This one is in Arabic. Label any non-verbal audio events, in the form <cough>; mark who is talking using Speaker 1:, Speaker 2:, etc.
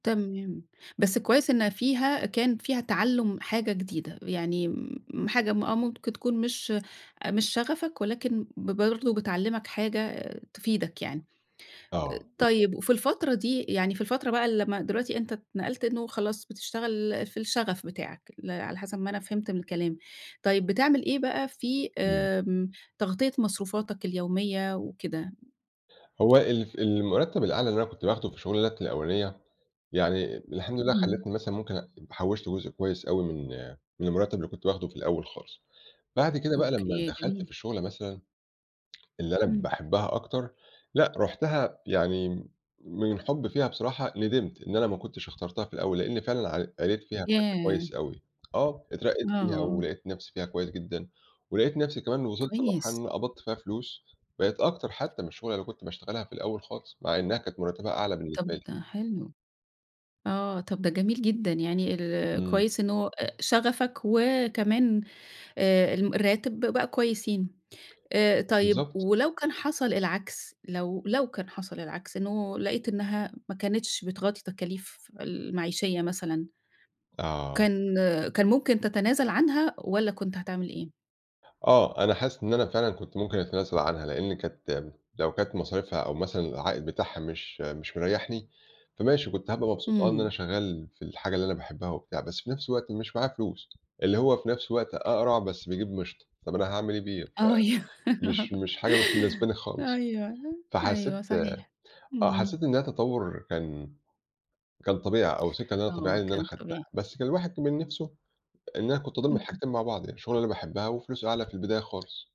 Speaker 1: تمام، بس كويّس إنّها فيها كان فيها تعلُّم حاجة جديدة يعني م حاجة م آه ممكن تكون مش أ مش شغفك ولكن ب برضو بتعلّمك حاجة تفيدك يعني، أ
Speaker 2: آه، بالضبط.
Speaker 1: طيّب وفي الفترة دي يعني في الفترة بقى اللي لمّا دلوقتي أنت اتنقلت إنّه خلاص بتشتغل في الشغف بتاعك اللي على حسب ما أنا فهمت من الكلام، طيّب بتعمل إيه بقى في
Speaker 2: امم.
Speaker 1: آمم، تغطية مصروفاتك اليوميّة وكده؟
Speaker 2: هو ال المرتب الأعلى اللي أنا كنت باخده في الشغلانات الأولانية، يعني الحمد لله
Speaker 1: امم.
Speaker 2: خلتني مثلًا ممكن أ حوشت جزء كويّس أوي من من المرتب اللي كنت باخده في الأوّل خالص، بعد كده بقى لمّا
Speaker 1: أوكي
Speaker 2: دخلت في
Speaker 1: جميل.
Speaker 2: الشُغلة مثلًا اللي أنا
Speaker 1: امم.
Speaker 2: باحبها أكتر، لأ رُحتها يعني من حُبي فيها بصراحة ندمت إن أنا ما كُنتش اخترتها في الأوّل، لإني فعلًا ع قريت فيها بشكل
Speaker 1: ياه!
Speaker 2: كويّس أوي، آه اترقيت فيها
Speaker 1: آه.
Speaker 2: ولقيت نفْسي فيها كويّس جدًا، ولقيت نفْسي كمان إن وصلت لمرحلة
Speaker 1: كويس.
Speaker 2: إن أنا قبضت فيها فلوس، بقيت أكتر حتّى من الشُغلة اللي كنت باشتغلها في الأوّل خالص مع إنّها كانت مرتبها أعلى بالنسبة
Speaker 1: طَب
Speaker 2: لي.
Speaker 1: ده حلو، آه طَب ده جميل جدًا يعني ال
Speaker 2: امم.
Speaker 1: كويّس إن هو أأ شغفك وكمان آآ الم الراتب ب بقى كويسين، آآ طيّب
Speaker 2: بالضبط.
Speaker 1: ولو كان حصل العكس، لو لو كان حصل العكس إنّه لقيت إنّها ما كانتش بتغطي تكاليف المعيشية مثلًا
Speaker 2: آه.
Speaker 1: كان آآ كان ممكن تتنازل عنها والّا كُنت هتعمل إيه؟
Speaker 2: آه أنا حاسس إن أنا فعلًا كُنت ممكن أتنازل عنها لإني كانت، لو كانت مصاريفها أو مثلًا العائد بتاعها مش مش مريّحني، فماشي كنت هابقى مبسوط آه إن أنا
Speaker 1: امم.
Speaker 2: شغّال في الحاجة اللي أنا باحبها وبتاع بس في نفْس الوقت مش معايا فلوس اللي هو في نفْس الوقت أقرع بس بيجيب مشط، طَب أنا هاعمل إيه بيه ف
Speaker 1: أيوه.
Speaker 2: مش مش
Speaker 1: <giggles>
Speaker 2: حاجة مش مناسباني خالص،
Speaker 1: أيوه،
Speaker 2: فحسيت
Speaker 1: أيوه
Speaker 2: آآ،
Speaker 1: صحيح،
Speaker 2: آه
Speaker 1: امم.
Speaker 2: حسّيت إن هي تطوّر كان كان طبيعي أو سكة إن أنا
Speaker 1: آه
Speaker 2: طبيعيّة إن أنا
Speaker 1: كان
Speaker 2: أخدتها،
Speaker 1: طبيعي.
Speaker 2: بس كان الواحد كمان نفْسه إن أنا كنت أضُم الحاجتين مع بعض يعني الشُغلة اللي أنا باحبها وفلوسه أعلى في البداية خالص.